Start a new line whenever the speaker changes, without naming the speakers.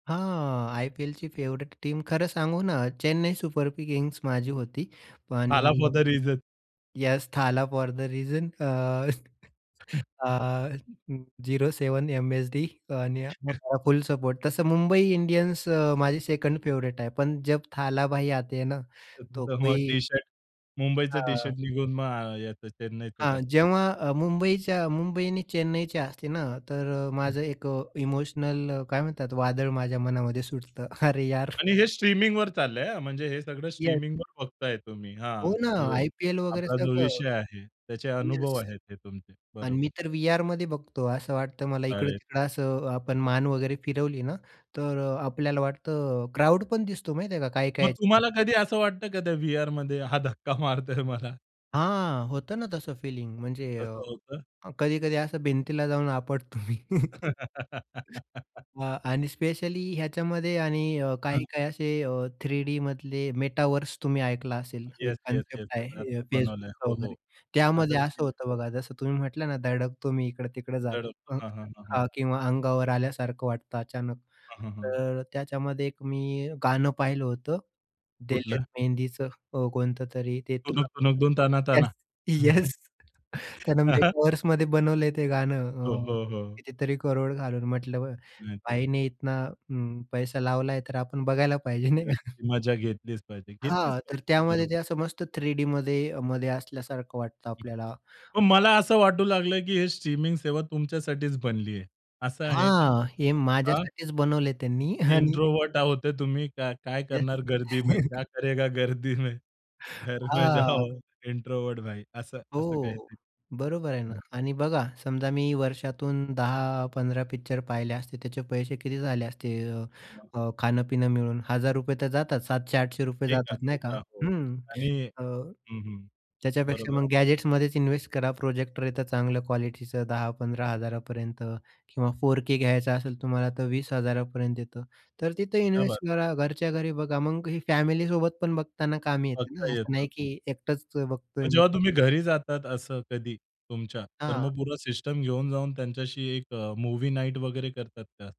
हां. आय-पी-एलची favourite team खरं सांगू ना, चेन्नई सुपर किंग्स माझी होती.
"थाला फोर
आणि
the reason."
Yes, "Thala for the reason." अ, अ, 07 एम-एस-डी आणि हां, फुल सपोर्ट. तसं मुंबई इंडियन्स अ, माझी सेकंड फेव्हरेट आहे. पण जब थला भाई आते ना,
तर
तो
तिथं मग
कोई
टी-शर्ट मुंबईचा
हां.
टी-शर्ट निघून मग अ, याचं चेन्नईच
हां.
टाक
जेव्हा अ, मुंबईच्या मुंबई आणि चेन्नईच्या असते ना, तर अ,
हं
माझं एक अ, इमोशनल काय म्हणतात वादळ माझ्या मनामध्ये सुटतं, अरे यार.
आणि हे स्ट्रीमिंगवर चाललंय हं, म्हणजे हे सगळं
येस.
स्ट्रीमिंगवर बघताय तुम्ही
हो
हां,
ना,
जो
आय-पी-एल वगैरे
आपला जो
सगळं.
विषय आहे, त्याचे अनुभव
येस
आहेत, हे तुमचे.
आणि
बरोबर.
मी तर व्हीआरमध्ये बघतो, असं वाटतं मला
अरे!
इकडं-तिकडं असं आपण मान वगैरे फिरवली ना, तर अ, आपल्याला वाटतं क्राउड पण दिसतो माहिती आहे का काय-काय
मग
याच्यात.
तुम्हाला कधी असं वाटतं का त्या व्हीआरमध्ये हा धक्का मारतोय मला?
हां, होतं ना तसं फिलिंग. म्हणजे अ,
तसं होतं?
अ, कधी-कधी असं भिंतीला जाऊन आपटतो मी. अ, आणि स्पेशली ह्याच्यामध्ये आणि अ,
हं.
काही-काही असे अ, 3D मधले मेटावर्स तुम्ही ऐकला असेल. एक
yes, yes,
concept
yes, yes.
आहे अ,
असं बनवलंय.
Facebookचा
हो,
वगैरे.
हो. आता
त्यामध्ये असं होतं
[unintelligible]
बघा, जसं तुम्ही म्हटलं ना धडकतो मी इकडं-तिकडं जात
धडकतो.
हं,
हां. हां, हां, हां.
का किंवा अंगावर आल्यासारखं वाटतं अचानक.
हं, हं, हं.
तर त्याच्यामध्ये एक मी गाणं पाहिलं होतं. दिलेर
कुठलं?
मेहंदीचं अ, कोणतं तरी ते
टुणूक टुणूक
[unintelligible]
धूम ताना
येस.
ताना?
येस. त्यानं
हां, हां.
मेटावर्समध्ये बनवलंय ते गाणं
हो,
अ,
हो, हो.
कितीतरी करोड घालून म्हटलं बरं,
माहिती आहे.
भाईने इतना हं, पैसा लावला तर आपण बघायला पाहिजे नाही का.
तर ती मजा घेतलीच पाहिजे. घेतलीच
हां, तर
पाहिजे.
त्यामध्ये
बरोबर.
ते असं मस्त 3Dमध्ये अ, मध्ये असल्यासारखं वाटतं आपल्याला.
मग मला असं वाटू लागलं, की हे स्ट्रीमिंग सेवा तुमच्यासाठीच बनली आहे. असं आहे का?
हां, हे
हां.
माझ्यासाठीच बनवले त्यांनी आणि
इंट्रोव्हर्ट आहोत ते तुम्ही, का काय
येस.
करणार गर्दी में, क्या करेगा गर्दी में? घर में जाओ
हां.
इंट्रोव्हर्ट भाई असं, असं काही
हो.
ते.
बरोबर आहे ना.
हं.
आणि बघा समजा मी वर्षातून 10-15 पिक्चर पाहिले असते, त्याचे पैसे किती झाले असते? अ,
मग?
अ, खाणं-पिणं मिळून ₹1000 तर जातात, ₹700-800
ते का?
जातात
ते
नाही का.
का? हो.
अं,
आणि
अ,
हं, हं.
त्याच्यापेक्षा
बरोबर
मग
आहे.
गॅजेट्समध्येच इन्वेस्ट करा. प्रोजेक्टर येतं चांगलं क्वालिटीचं 10,000-15,000 पर्यंत किंवा 4k घ्यायचं असेल तुम्हाला तर 20,000 पर्यंत येतं. तर तिथे
क्या बात है?
इन्वेस्ट करा. घरच्या घरी बघा. मग ही फॅमिलीसोबत पण बघताना कामी येते ना,
बघता
असं
येतं.
नाही
हं.
की एकटच
मग
बघतोय मी.
जेव्हा तुम्ही घरी जातात असं कधी तुमच्या, तर
हां.
मग पूर्ण सिस्टम घेऊन जाऊन त्यांच्याशी एक अ, मूव्ही नाईट वगैरे करतात का?